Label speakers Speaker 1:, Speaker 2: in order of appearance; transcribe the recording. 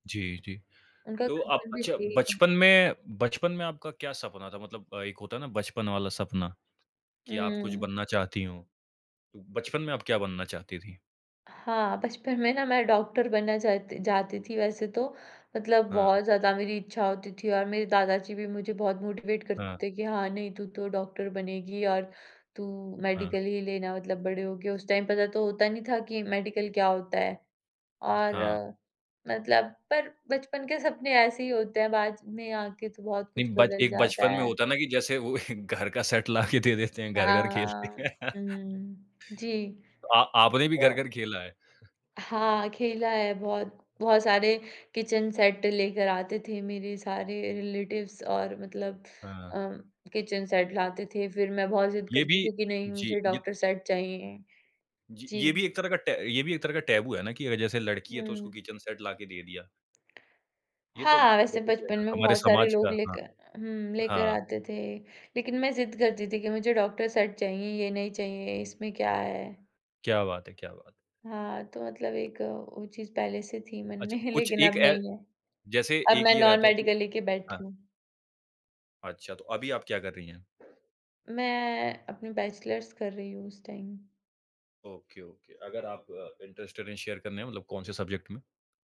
Speaker 1: जी, जी।
Speaker 2: उनका
Speaker 1: तो आप
Speaker 2: कंसर्न भी
Speaker 1: अच्छा
Speaker 2: सही है।
Speaker 1: बचपन में बचपन में आपका क्या सपना था? मतलब एक होता है ना बचपन वाला सपना, कि आप कुछ
Speaker 2: हुँ।
Speaker 1: बनना चाहती हो? तो बचपन में आप क्या बनना चाहती थी?
Speaker 2: हाँ, बचपन में ना मैं डॉक्टर बनना चाहती जाती थी वैसे तो, मतलब
Speaker 1: हाँ।
Speaker 2: बहुत ज़्यादा मेरी इच्छा होती थी। और मेरे दादाजी भी मुझे बहुत मोटिवेट करते
Speaker 1: हाँ।
Speaker 2: थे कि हाँ, नहीं तू तो डॉक्टर बनेगी, और तू
Speaker 1: हाँ।
Speaker 2: मेडिकल ही लेना मतलब बड़े होके। उस टाइम पता तो होता नहीं था कि मेडिकल क्या होता है? और,
Speaker 1: हाँ।
Speaker 2: मतलब पर बचपन के सपने ऐसे ही होते हैं बाद में आके तो बहुत कुछ
Speaker 1: नहीं, बच
Speaker 2: बदल
Speaker 1: एक
Speaker 2: जाता
Speaker 1: बचपन में
Speaker 2: है।
Speaker 1: होता है ना की जैसे वो एक घर का सेट ला के दे देते हैं, घर-घर खेलते
Speaker 2: हाँ।
Speaker 1: हैं।
Speaker 2: हुँ, हुँ, जी।
Speaker 1: आ आपने भी
Speaker 2: तो
Speaker 1: घर-घर खेला है?
Speaker 2: हाँ, खेला है बहुत। बहुत सारे किचन सेट लेकर आते थे मेरे सारे रिलेटिव्स और मतलब
Speaker 1: हाँ।
Speaker 2: उम, किचन सेट लाते थे। फिर मैं बहुत ज़िद
Speaker 1: ये
Speaker 2: करती
Speaker 1: भी
Speaker 2: थी कि नहीं
Speaker 1: जी।
Speaker 2: मुझे
Speaker 1: ये
Speaker 2: डॉक्टर
Speaker 1: त
Speaker 2: सेट चाहिए,
Speaker 1: जी,
Speaker 2: जी।
Speaker 1: ये भी एक तरह का टै ये भी एक तरह का टैबु है ना कि जैसे लड़की है तो उसको
Speaker 2: हुँ।
Speaker 1: किचन सेट ला के दे दिया। ये तो
Speaker 2: हाँ, वैसे
Speaker 1: बेसिक कार्य
Speaker 2: बचपन
Speaker 1: है
Speaker 2: में
Speaker 1: हमारे
Speaker 2: बहुत सारे
Speaker 1: समाज
Speaker 2: लोग
Speaker 1: का, हाँ।
Speaker 2: लेकर हूँ, लेकर
Speaker 1: हाँ।
Speaker 2: आते थे। लेकिन मैं ज़िद करती थी कि मुझे डॉक्टर सेट चाहिए, ये नहीं चाहिए, इसमें क्या है?
Speaker 1: क्या बात है, क्या बात है।
Speaker 2: हाँ, तो मतलब एक वो चीज़ पहले से थी मन
Speaker 1: अच्छा,
Speaker 2: में,
Speaker 1: कुछ
Speaker 2: लेकिन
Speaker 1: एक
Speaker 2: अब
Speaker 1: ए
Speaker 2: नहीं है।
Speaker 1: जैसे
Speaker 2: अब
Speaker 1: एक
Speaker 2: मैं
Speaker 1: ये रहता है कि
Speaker 2: नॉन-मेडिकल लेके
Speaker 1: हाँ।
Speaker 2: बैठी हूँ।
Speaker 1: अच्छा, तो अभी आप क्या कर रही हैं?
Speaker 2: मैं, अपने बैचलर्स कर रही हूँ इस टाइम।
Speaker 1: Okay, okay. अगर आप अ, इंटरेस्टेड है शेयर करने मे मतलब कौन-से सब्जेक्ट में?